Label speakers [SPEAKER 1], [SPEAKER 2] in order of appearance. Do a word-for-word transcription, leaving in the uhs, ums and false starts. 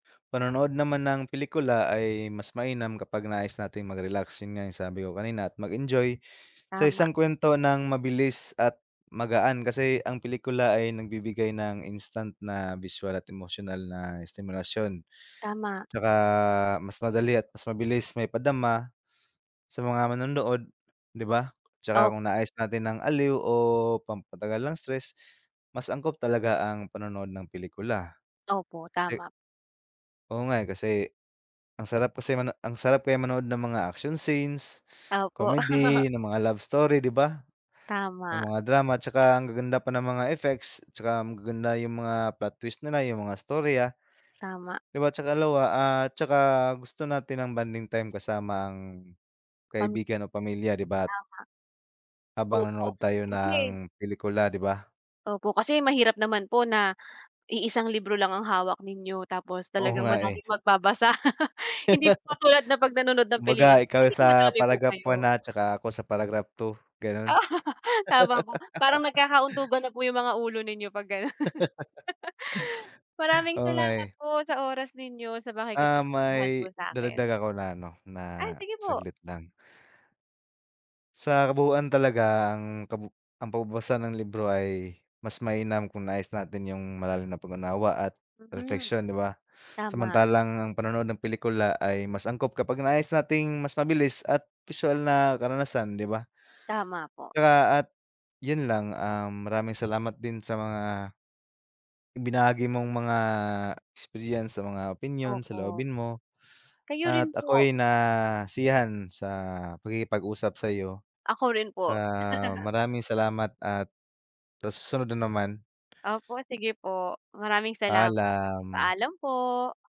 [SPEAKER 1] Panonood naman ng pelikula ay mas mainam kapag nais nating magrelax, yun nga yung sabi ko kanina at mag-enjoy sa
[SPEAKER 2] Tama.
[SPEAKER 1] isang kuwento ng mabilis at magaan kasi ang pelikula ay nagbibigay ng instant na bisual at emosyonal na estimulasyon.
[SPEAKER 2] Tama.
[SPEAKER 1] 'Tsaka mas madali at mas mabilis maipadama, sa mga manonood di ba? 'Tsaka kung
[SPEAKER 2] Op
[SPEAKER 1] nais natin ng aliw o pampatanggal ng stress, mas angkop talaga ang panonood ng pelikula.
[SPEAKER 2] Opo,
[SPEAKER 1] Kasi
[SPEAKER 2] tama.
[SPEAKER 1] oo nga, eh, kasi ang sarap kasi mano ang sarap kaya manood ng mga action scenes,
[SPEAKER 2] Opo.
[SPEAKER 1] comedy, ng mga love story di ba? Ng
[SPEAKER 2] Tama.
[SPEAKER 1] mga drama 'tsaka ang gaganda pa ng mga effects, 'tsaka magaganda yung mga plot twist nila yung mga istorya,
[SPEAKER 2] Tama.
[SPEAKER 1] di ba' tsaka lawa at saka gusto natin ng bonding time kasama ang
[SPEAKER 2] Pam
[SPEAKER 1] kaibigan o pamilya di ba t
[SPEAKER 2] Tama.
[SPEAKER 1] Habang
[SPEAKER 2] Opo,
[SPEAKER 1] nanonood tayo
[SPEAKER 2] kasi
[SPEAKER 1] ng pelikula di ba?
[SPEAKER 2] opo kasi mahirap naman po na iisang libro lang ang hawak ninyo tapos
[SPEAKER 1] Oo
[SPEAKER 2] talagang
[SPEAKER 1] nga, eh.
[SPEAKER 2] maraming magbabasa hindi po katulad na pag nanonood ng
[SPEAKER 1] Kumbaga
[SPEAKER 2] pelikula,
[SPEAKER 1] ikaw
[SPEAKER 2] puwedeng
[SPEAKER 1] sa
[SPEAKER 2] madami po
[SPEAKER 1] paragraph one,
[SPEAKER 2] kayo.
[SPEAKER 1] ah, 'tsaka ako sa paragraph two, ganon.
[SPEAKER 2] Tama po, parang nagkaka-untugan na po yung mga ulo ninyo pag ganon. Maraming
[SPEAKER 1] Oo, nga
[SPEAKER 2] salamat
[SPEAKER 1] eh.
[SPEAKER 2] po sa oras ninyo, sa
[SPEAKER 1] Um,
[SPEAKER 2] pakikipagkwentuhan mo
[SPEAKER 1] may
[SPEAKER 2] sa'kin.
[SPEAKER 1] dadagdag ako na ano,
[SPEAKER 2] Ay
[SPEAKER 1] na
[SPEAKER 2] sige po.
[SPEAKER 1] saglit lang Sa kabuuan talaga ang kabu ang pagbabasa ng libro ay mas mainam kung nais natin yung malalim na pag-unawa at
[SPEAKER 2] Mhm,
[SPEAKER 1] repleksiyon di ba,
[SPEAKER 2] tama.
[SPEAKER 1] samantalang ang panonood ng pelikula ay mas angkop kapag nais nating mas mabilis at bisual na karanasan di ba?
[SPEAKER 2] Tama po.
[SPEAKER 1] 'Tsaka at yun lang, um, maraming salamat din sa mga ibinahagi mong mga experience sa mga opinyon,
[SPEAKER 2] Opo.
[SPEAKER 1] saloobin mo,
[SPEAKER 2] Kayo
[SPEAKER 1] at
[SPEAKER 2] rin po.
[SPEAKER 1] ako'y nasiyahan sa pakikipag usap sayo.
[SPEAKER 2] Ako rin po.
[SPEAKER 1] Ah, maraming salamat at sa susunod na naman.
[SPEAKER 2] Opo, sige po, maraming salamat,
[SPEAKER 1] Paalam.
[SPEAKER 2] paalam po.